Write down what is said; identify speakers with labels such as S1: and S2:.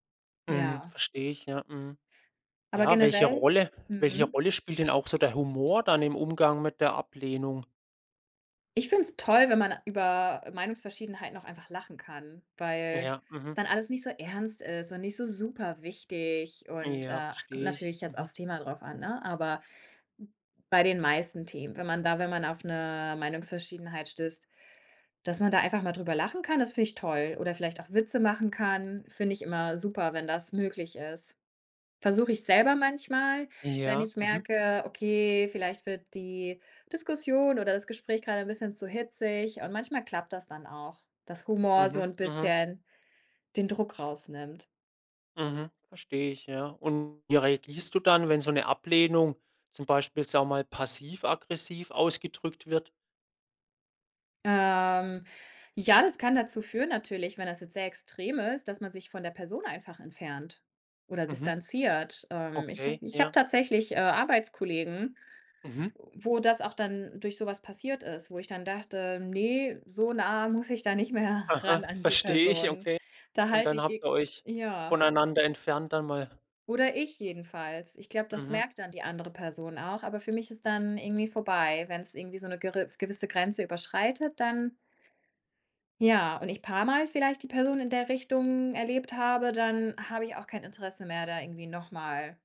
S1: Mhm.
S2: Ja.
S1: Verstehe ich, ja, mhm.
S2: Aber
S1: Ja, welche
S2: generell
S1: Rolle welche
S2: mhm.
S1: Rolle spielt denn auch so der Humor dann im Umgang mit der Ablehnung?
S2: Ich find's toll, wenn man über Meinungsverschiedenheiten auch einfach lachen kann, weil's
S1: Ja, mhm.
S2: dann alles nicht so ernst ist und nicht so superwichtig und,
S1: Ja,
S2: äh, es kommt
S1: verstehe ich.
S2: natürlich jetzt
S1: Mhm.
S2: auf's Thema drauf an, ne? Aber bei den meisten Themen, wenn man da wenn man auf 'ne Meinungsverschiedenheit stößt, dass man da einfach mal drüber lachen kann, das finde ich toll. Oder vielleicht auch Witze machen kann, finde ich immer super, wenn das möglich ist. Versuche ich selber manchmal, wenn
S1: Ja,
S2: ich
S1: mhm.
S2: merke: „Okay, vielleicht wird die Diskussion oder das Gespräch grade 'n bisschen zu hitzig.“ Und manchmal klappt das dann auch, dass Humor so
S1: Mhm,
S2: 'n
S1: mhm.
S2: bisschen den Druck rausnimmt.
S1: Mhm. Verstehe ich, ja. Und wie reagierst du dann, wenn so 'ne Ablehnung zum Beispiel, sagen wir mal passiv-aggressiv ausgedrückt wird?
S2: Ähm, ja, das kann dazu führen natürlich, wenn das jetzt sehr extrem ist, dass man sich von der Person einfach entfernt oder
S1: Mhm.
S2: distanziert. Ähm, ich habe
S1: Okay,
S2: ich habe
S1: ja.
S2: tatsächlich, äh, Arbeitskollegen,
S1: Mhm.
S2: wo das auch dann durch so was passiert ist, wo ich dann dachte: „Ne, so nah muss ich da nicht mehr
S1: Aha,
S2: ran an die
S1: verstehe ich,
S2: Person.“
S1: okay.
S2: Da
S1: Und
S2: halte
S1: dann
S2: ich
S1: habt
S2: e
S1: ihr euch
S2: ja.
S1: voneinander entfernt dann mal?
S2: Oder ich jedenfalls. Ich glaube, das
S1: Mhm.
S2: merkt dann die andere Person auch, aber für mich ist dann irgendwie vorbei, wenn's irgendwie so 'ne geri gewisse Grenze überschreitet, dann ja, und ich paar mal vielleicht die Person in der Richtung erlebt habe, dann habe ich auch kein Interesse mehr, da irgendwie noch mal